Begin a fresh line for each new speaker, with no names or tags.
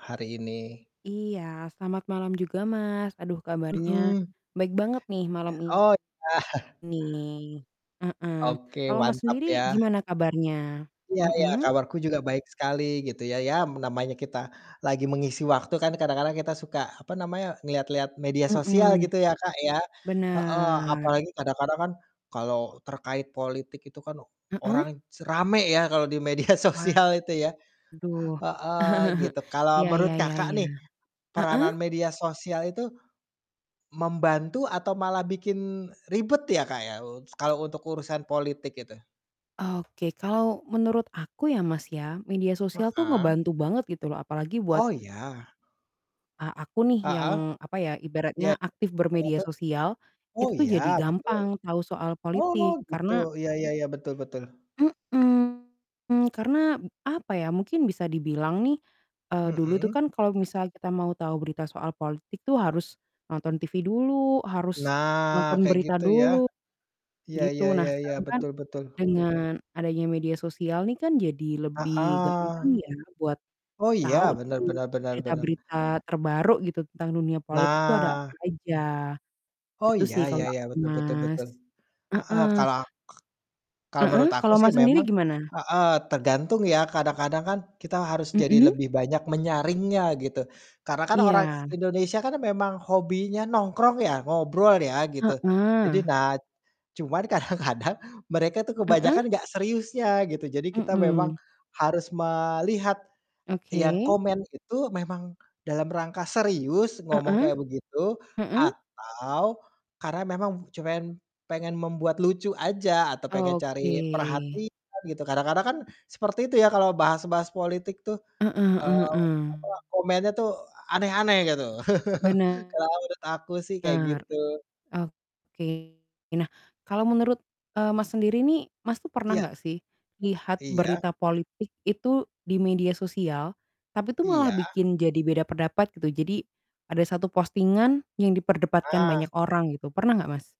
Hari ini.
Iya, selamat malam juga, Mas. Aduh kabarnya
Mhm.
baik banget nih, malam
Oh,
ini,
iya.
heeh.
Oke,
Kalau Mas
mantap
sendiri,
ya.
gimana kabarnya?
Iya iya
Mhm?
kabarku juga baik sekali, gitu ya. Ya, namanya kita lagi mengisi waktu kan kadang-kadang kita suka, apa namanya, ngelihat-lihat media sosial
Mhm.
gitu ya, Kak, ya, heeh.
Bener.
Apalagi kadang-kadang kan kalau terkait politik itu kan
Heeh?
orang rame ya kalau di media sosial itu ya,
Waduh,
heeh, gitu. Kalau
ya
menurut
ya ya
Kakak
ya,
nih,
heeh?
peranan media sosial itu membantu, atau malah bikin ribet ya, Kak, ya u kalau untuk urusan politik itu?
Oke, kalau menurut aku ya, Mas, ya, media sosial tuh
Heeh.
ngebantu banget gitu loh, apalagi buat
Oh, ya.
a aku nih yang,
Heeh.
apa ya,
Iya,
ibaratnya aktif
kalo
bermedia
itu
sosial.
oh
Itu tuh,
ya,
jadi
betul.
gampang tahu soal
Oh,
politik,
gitu.
karena
Iya iya iya, betul betul.
Mhm, karena, apa ya, mungkin bisa dibilang nih, eee, dulu tuh
Mhm.
kan kalau misal kita mau tahu berita soal politik tuh harus nonton TV dulu, harus
Nah,
nonton
kayak
berita
gitu ya.
dulu,
Iya
gitu.
iya
Nah,
iya iya,
sekarang kan
betul betul.
dengan adanya media sosial nih kan, jadi lebih gampang
Heeh.
ya buat
Oh iya,
tahu
benar
nih
benar benar benar.
berita-berita terbaru gitu, tentang dunia politik itu ada apa
Nah.
aja.
Oh,
Itu
iya
sih
iya
kalau
iya,
aku,
betul betul
Mas.
betul, heeh,
Heeh.
kalau aku kalau
Heeh.
menurut aku
Kalau
sih
Mas, sendiri
memang
gimana?
heeh, tergantung ya, kadang-kadang kan kita harus jadi
Mhm.
lebih banyak menyaringnya, gitu. Karena kan orang
Iya.
Indonesia kan memang hobinya nongkrong ya, ngobrol ya, gitu. Jadi,
Heeh.
nah cuman kadang-kadang mereka tuh
Heeh?
kebanyakan nggak seriusnya, gitu. Jadi, kita memang
Mhm.
harus melihat yang
Oke.
komen itu memang dalam rangka serius ngomong
Heeh.
kayak begitu,
Heeh.
atau karena memang cuman pengen membuat lucu aja, atau pengen
Oke.
cari perhatian, gitu. Kadang-kadang kan seperti itu ya kalau bahas-bahas politik tuh,
Heeh heeh
eee, apa,
heeh.
komennya tuh aneh-aneh gitu. Kalau
Bener,
menurut aku sih, kayak gitu.
oke. Nah, kalau menurut, eee,
Heeh.
Mas, sendiri nih, Mas tuh pernah
Iya.
nggak sih lihat
Iya.
berita politik itu di media sosial, tapi itu malah
Iya.
bikin jadi beda pendapat, gitu? Jadi, ada 1 posting-an yang diperdebatkan
Ah.
banyak orang gitu. Pernah nggak, Mas?